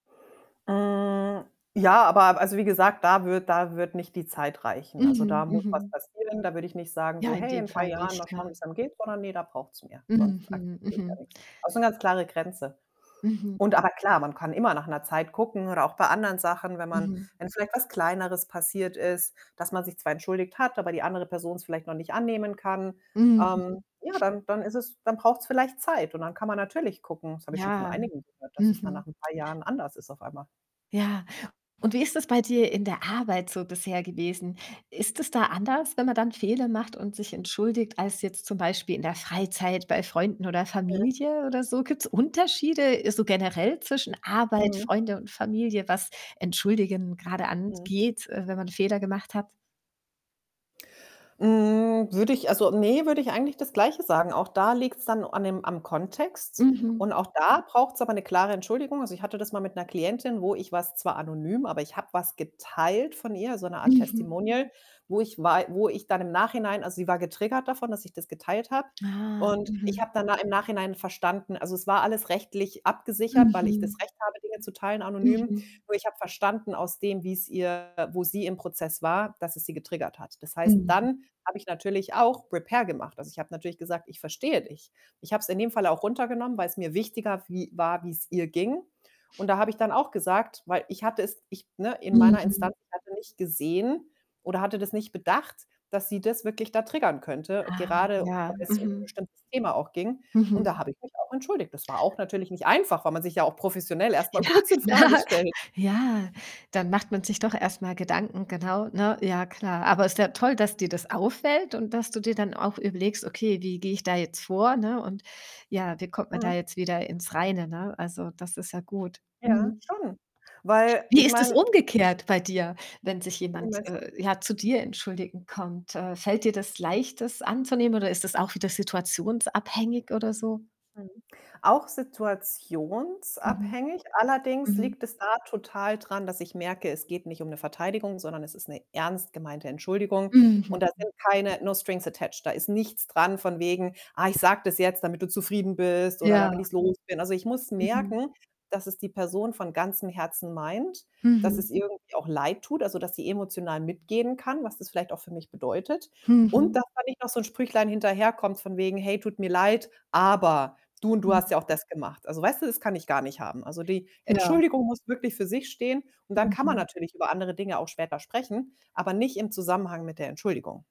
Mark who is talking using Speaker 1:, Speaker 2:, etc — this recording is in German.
Speaker 1: Äh, ja, aber, also, wie gesagt, da wird da wird nicht die Zeit reichen. Also, da
Speaker 2: Mhm.
Speaker 1: muss was
Speaker 2: Mhm.
Speaker 1: passieren. Da würde ich nicht sagen
Speaker 2: Ja,
Speaker 1: so:
Speaker 2: in
Speaker 1: „Hey,
Speaker 2: dem
Speaker 1: in paar
Speaker 2: Fall
Speaker 1: Jahren,
Speaker 2: nicht,
Speaker 1: mal
Speaker 2: ne?
Speaker 1: schauen, wie's einem geht.“, sondern, ne, da braucht's mehr. Sonst
Speaker 2: Mhm,
Speaker 1: akzeptiere ich da
Speaker 2: mhm.
Speaker 1: nix. Auch so 'ne ganz klare Grenze.
Speaker 2: Mhm.
Speaker 1: Und aber klar, man kann immer nach 'ner Zeit gucken oder auch bei anderen Sachen, wenn man
Speaker 2: Mhm.
Speaker 1: wenn vielleicht was Kleineres passiert ist, dass man sich zwar entschuldigt hat, aber die andere Person es vielleicht noch nicht annehmen kann. Ähm,
Speaker 2: Mhm.
Speaker 1: ja, dann dann ist es dann braucht's vielleicht Zeit. Und dann kann man natürlich gucken, das habe ich schon von
Speaker 2: Ja,
Speaker 1: einigen gehört, dass es dann nach
Speaker 2: mhm.
Speaker 1: 'n paar Jahren anders ist auf einmal.
Speaker 2: Ja, und wie ist das bei dir in der Arbeit so bisher gewesen? Ist es da anders, wenn man dann Fehler macht und sich entschuldigt, als jetzt zum Beispiel in der Freizeit bei Freunden oder
Speaker 1: Mhm.
Speaker 2: Familie oder so? Gibt's Unterschiede, äh, so generell zwischen Arbeit,
Speaker 1: Mhm.
Speaker 2: Freunde und Familie, was Entschuldigen grade
Speaker 1: Mhm.
Speaker 2: angeht, äh, wenn man Fehler gemacht hat?
Speaker 1: Hm, würde ich also, ne, würde ich eigentlich das Gleiche sagen. Auch da liegt's dann an dem am Kontext.
Speaker 2: Mhm.
Speaker 1: Und auch da braucht's aber 'ne klare Entschuldigung. Also, ich hatte das mal mit 'ner Klientin, wo ich was, zwar anonym, aber ich habe was geteilt von ihr, so 'ne Art
Speaker 2: Mhm.
Speaker 1: Testimonial, wo ich wei wo ich dann im Nachhinein also, sie war getriggert davon, dass ich das geteilt habe,
Speaker 2: Ah,
Speaker 1: und ich
Speaker 2: mhm.
Speaker 1: habe dann da im Nachhinein verstanden also, es war alles rechtlich abgesichert, weil ich das
Speaker 2: Mhm.
Speaker 1: Recht habe, Dinge zu teilen anonym.
Speaker 2: Mhm.
Speaker 1: Nur ich habe verstanden aus dem, wie's ihr wo sie im Prozess war. Dass es sie getriggert hat. Das heißt,
Speaker 2: Mhm.
Speaker 1: dann habe ich natürlich auch Repair gemacht. Also, ich habe natürlich gesagt: „Ich verstehe dich.“ Ich habe es in dem Fall auch runtergenommen, weil's mir wichtiger wie war, wie's ihr ging. Und da habe ich dann auch gesagt, weil ich hatte es ich ne, in meiner
Speaker 2: Mhm.
Speaker 1: Instanz, ich hatte nicht gesehen oder hatte das nicht bedacht, dass sie das wirklich da triggern könnte,
Speaker 2: Ah,
Speaker 1: gerade
Speaker 2: ja,
Speaker 1: weil es um 'n
Speaker 2: mhm.
Speaker 1: bestimmtes Thema auch ging. Und da
Speaker 2: Mhm.
Speaker 1: habe ich mich auch entschuldigt. Das war auch natürlich nicht einfach, weil man sich ja auch professionell erstmal
Speaker 2: Ja,
Speaker 1: kurz in Frage
Speaker 2: klar.
Speaker 1: stellt.
Speaker 2: Ja, dann macht man sich doch erst mal Gedanken, genau, ne? Ja, klar. Aber ist ja toll, dass dir das auffällt und dass dir dann auch überlegst: „Okay, wie gehe ich da jetzt vor“, ne? Und ja, wie kommt man da
Speaker 1: Mhm.
Speaker 2: jetzt wieder ins Reine, ne? Also, das ist ja gut.
Speaker 1: Ja,
Speaker 2: Mhm.
Speaker 1: schon. Weil
Speaker 2: Wie
Speaker 1: ich
Speaker 2: ist es
Speaker 1: meine
Speaker 2: umgekehrt bei dir, wenn sich
Speaker 1: Wie
Speaker 2: jemand,
Speaker 1: meinst du?
Speaker 2: äh, ja, zu dir entschuldigen kommt? Äh, fällt dir das leicht, das anzunehmen, oder ist das auch wieder situationsabhängig oder so?
Speaker 1: Mhm, auch
Speaker 2: Mhm,
Speaker 1: situationsabhängig. Allerdings
Speaker 2: mhm.
Speaker 1: liegt es da total dran, dass ich merke, es geht nicht um 'ne Verteidigung, sondern es ist 'ne ernst gemeinte Entschuldigung.
Speaker 2: Mhm.
Speaker 1: Und da sind keine no strings attached, da ist nichts dran von wegen: „Ah, ich sage das jetzt, damit du zufrieden bist oder damit
Speaker 2: Ja.
Speaker 1: ich's los bin.“ Also, ich muss
Speaker 2: Mhm.
Speaker 1: merken, dass es die Person von ganzem Herzen meint, dass es
Speaker 2: Mhm.
Speaker 1: irgendwie auch leid tut, also, dass sie emotional mitgehen kann, was das vielleicht auch für mich bedeutet. Und
Speaker 2: Mhm.
Speaker 1: dass da nicht noch so 'n Sprüchlein hinterherkommt von wegen: „Hey, tut mir leid, aber du und du hast
Speaker 2: Mhm.
Speaker 1: ja auch das gemacht.“ Also, weißt du, das kann ich gar nicht haben. Also, die
Speaker 2: Ja.
Speaker 1: Entschuldigung muss wirklich für sich stehen und dann kann man
Speaker 2: Mhm.
Speaker 1: natürlich über andere Dinge auch später sprechen, aber nicht im Zusammenhang mit der Entschuldigung.